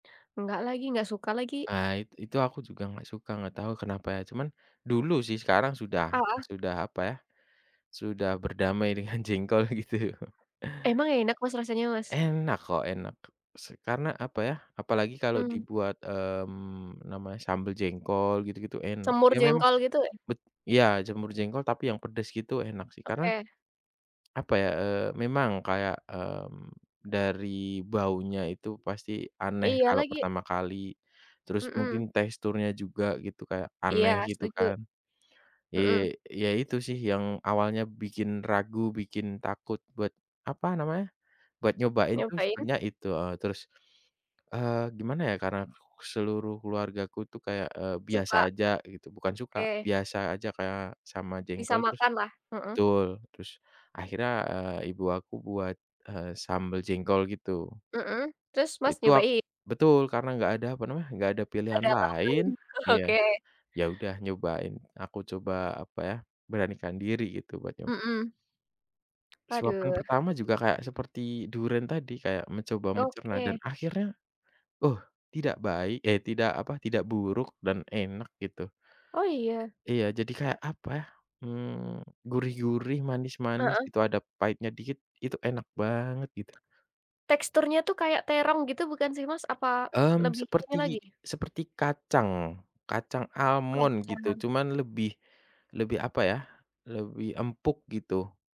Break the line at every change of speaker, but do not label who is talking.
Nggak lagi nggak suka lagi.
Pahit itu aku juga nggak suka nggak tahu kenapa ya cuman, dulu sih sekarang sudah
Heeh.
sudah apa ya, sudah berdamai dengan jengkol gitu.
Emang enak Mas rasanya, Mas?
Enak kok enak se karena apa ya apalagi kalau
Mmm.
dibuat, mmm, namanya sambel jengkol gitu-gitu enak
Semur
ya memang,
jengkol gitu ya?
bet iya jamur jengkol tapi yang pedes gitu enak sih karena
Oke.
apa ya, eee, memang kayak, mmm, dari baunya itu pasti aneh
Iya
kalau
lagi.
pertama kali, terus mungkin
Mhm.
teksturnya juga gitu kayak aneh
Iya
gitu
setuju.
kan,
Mhm.
eee, iya itu sih yang awalnya bikin ragu bikin takut buat apa namanya, buat nyobain tuh
Ngapain?
sebenarnya itu, heeh, terus, eee, gimana ya karena seluruh keluargaku tuh kayak, eee, biasa
Suka.
aja gitu bukan suka
Oke.
biasa aja kayak sama
Bisa
jengkol terus,
makan lah, heeh.
betul terus akhirnya, eee, ibu aku buat, eee, sambel jengkol gitu.
Heeh, terus mas
Itu ak
nyobain?
betul karena nggak ada apa namanya enggak ada pilihan
Agak lama
lain
ini, heeh,
iya,
oke.
ya udah nyobain aku coba apa ya beranikan diri gitu buat nyoba.
Mhm.
Suapan
Aduh.
pertama juga kayak seperti durian tadi kayak mencoba mencerna dan
Oke.
akhirnya, uh, tidak baik, eh, tidak apa tidak buruk dan enak gitu.
Oh iya?
Iya jadi kayak apa ya, mmm, gurih gurih manis manis
Heeh.
gitu ada pahitnya dikit itu enak banget gitu.
Teksturnya tuh kayak terong gitu bukan sih, Mas? apa,
Mmm,
lebih ini lagi.
seperti seperti kacang kacang almond gitu
Kacang.
cuman lebih, lebih apa ya lebih empuk gitu.